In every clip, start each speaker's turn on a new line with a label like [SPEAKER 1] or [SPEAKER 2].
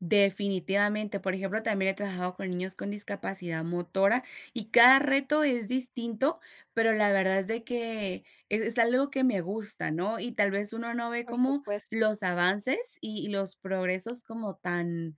[SPEAKER 1] Definitivamente, por ejemplo, también he trabajado con niños con discapacidad motora, y cada reto es distinto, pero la verdad es de que, es es algo que me gusta, ¿no?, y tal vez uno no ve
[SPEAKER 2] Por
[SPEAKER 1] como
[SPEAKER 2] supuesto.
[SPEAKER 1] los avances y y los progresos como tan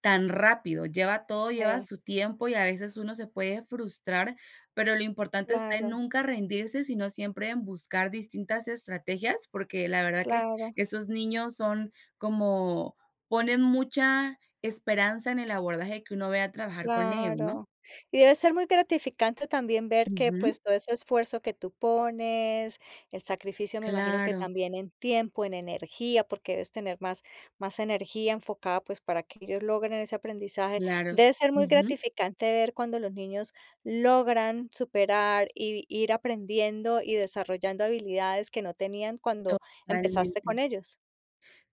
[SPEAKER 1] tan rápido, lleva todo, lleva
[SPEAKER 2] Sí.
[SPEAKER 1] su tiempo y a veces uno se puede frustrar, pero lo importante está en
[SPEAKER 2] Claro.
[SPEAKER 1] nunca rendirse, sino siempre en buscar distintas estrategias, porque la verdad que
[SPEAKER 2] Claro.
[SPEAKER 1] esos niños son como ponen mucha esperanza en el abordaje que uno vaya a trabajar con ellos, ¿no?
[SPEAKER 2] Claro, y debe ser muy gratificante también ver que,
[SPEAKER 1] Ujú.
[SPEAKER 2] pues, todo ese esfuerzo que tú pones, el sacrificio me imagino que
[SPEAKER 1] Claro.
[SPEAKER 2] también en tiempo, en energía, porque debes tener más más energía enfocada, pues, para que ellos logren ese aprendizaje,
[SPEAKER 1] Claro,
[SPEAKER 2] debe ser muy
[SPEAKER 1] ujú.
[SPEAKER 2] gratificante ver cuando los niños logran superar y ir aprendiendo y desarrollando habilidades que no tenían cuando empezaste con
[SPEAKER 1] Totalmente
[SPEAKER 2] ellos.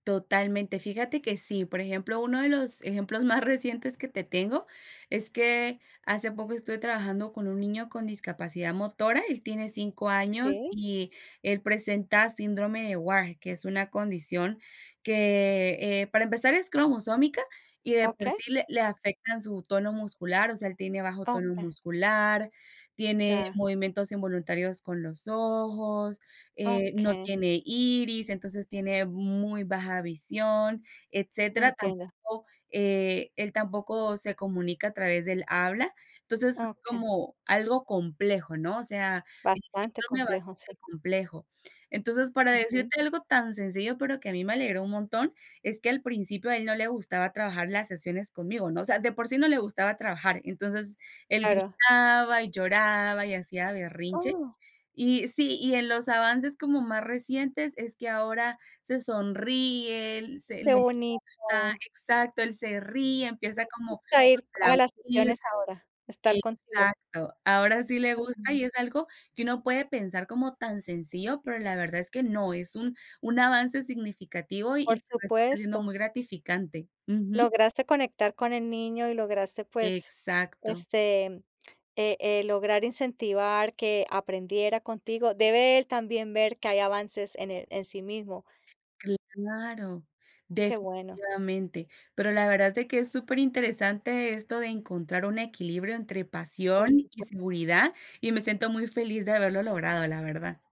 [SPEAKER 1] totalmente, fíjate que sí, por ejemplo, uno de los ejemplos más recientes que te tengo es que hace poco estuve trabajando con un niño con discapacidad motora, él tiene 5 años
[SPEAKER 2] Sí.
[SPEAKER 1] y él presenta síndrome de Wahr, que es una condición que, eh, para empezar es cromosómica y de por
[SPEAKER 2] Okey.
[SPEAKER 1] sí, le le afectan su tono muscular, o sea, él tiene bajo tono
[SPEAKER 2] Okey.
[SPEAKER 1] muscular, tiene
[SPEAKER 2] Ya.
[SPEAKER 1] movimientos involuntarios con los ojos, eh, no
[SPEAKER 2] Okey.
[SPEAKER 1] tiene iris, entonces tiene muy baja visión, etcétera,
[SPEAKER 2] Entiendo.
[SPEAKER 1] tampoco, eh, él tampoco se comunica a través del habla, entonces es
[SPEAKER 2] Ah, okey.
[SPEAKER 1] como algo complejo, ¿no?, o sea,
[SPEAKER 2] Bastante complejo, sí.
[SPEAKER 1] bastante complejo, entonces, para
[SPEAKER 2] Ujú.
[SPEAKER 1] decirte algo tan sencillo, pero que a mí me alegró un montón, es que al principio a él no le gustaba trabajar las sesiones conmigo, ¿no?, o sea, de por sí no le gustaba trabajar, entonces, él
[SPEAKER 2] Claro.
[SPEAKER 1] gritaba y lloraba y hacía berrinche,
[SPEAKER 2] Oh.
[SPEAKER 1] y sí, y en los avances como más recientes, es que ahora se sonríe, se,
[SPEAKER 2] Qué
[SPEAKER 1] le gusta,
[SPEAKER 2] bonito.
[SPEAKER 1] exacto, él se ríe, empieza
[SPEAKER 2] Les
[SPEAKER 1] como
[SPEAKER 2] gusta ir
[SPEAKER 1] a
[SPEAKER 2] a las
[SPEAKER 1] aplaudir,
[SPEAKER 2] sesiones ahora, estar contigo.
[SPEAKER 1] exacto, ahora sí le gusta
[SPEAKER 2] Okey.
[SPEAKER 1] y es algo que uno puede pensar como tan sencillo, pero la verdad es que no, es un un avance significativo y
[SPEAKER 2] Por
[SPEAKER 1] te resulta siendo
[SPEAKER 2] supuesto.
[SPEAKER 1] muy gratificante, ujú.
[SPEAKER 2] Lograste conectar con el niño y lograste, pues,
[SPEAKER 1] Exacto.
[SPEAKER 2] este, eh eh, lograr incentivar que aprendiera contigo, debe él también ver que hay avances en el, en sí mismo.
[SPEAKER 1] Claro,
[SPEAKER 2] Qué bueno.
[SPEAKER 1] definitivamente, pero la verdad es de que es superinteresante esto de encontrar un equilibrio entre pasión
[SPEAKER 2] Por
[SPEAKER 1] y
[SPEAKER 2] supuesto.
[SPEAKER 1] seguridad y me siento muy feliz de haberlo logrado, la verdad.